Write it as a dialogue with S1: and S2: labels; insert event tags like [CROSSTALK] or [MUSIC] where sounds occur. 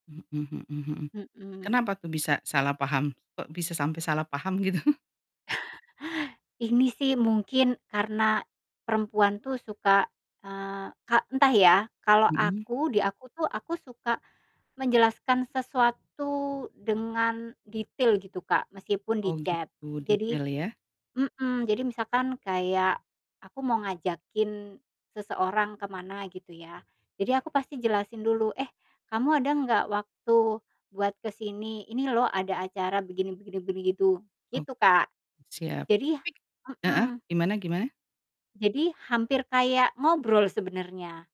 S1: Mhm mhm mhm.
S2: Mhm.
S1: Kenapa tuh bisa salah paham? Kok bisa sampai salah paham gitu?
S2: [CHUCKLES] Ini sih mungkin karena perempuan tuh suka, eee, kak entah ya, kalau
S1: Mhm.
S2: aku, di aku tuh, aku suka menjelaskan sesuatu dengan detail gitu Kak meskipun di
S1: Oh
S2: chat
S1: gitu
S2: jadi
S1: detail ya?
S2: mhm, jadi misalkan kayak, aku mau ngajakin seseorang ke mana gitu ya. Jadi aku pasti jelasin dulu, "Eh kamu ada nggak waktu buat ke sini? Ini loh ada acara begini begini begini," gitu.
S1: Oh.
S2: Gitu Kak.
S1: Siap.
S2: Jadi
S1: Tapi heeh,
S2: mhm.
S1: gimana gimana?
S2: Jadi hampir kayak ngobrol sebenernya.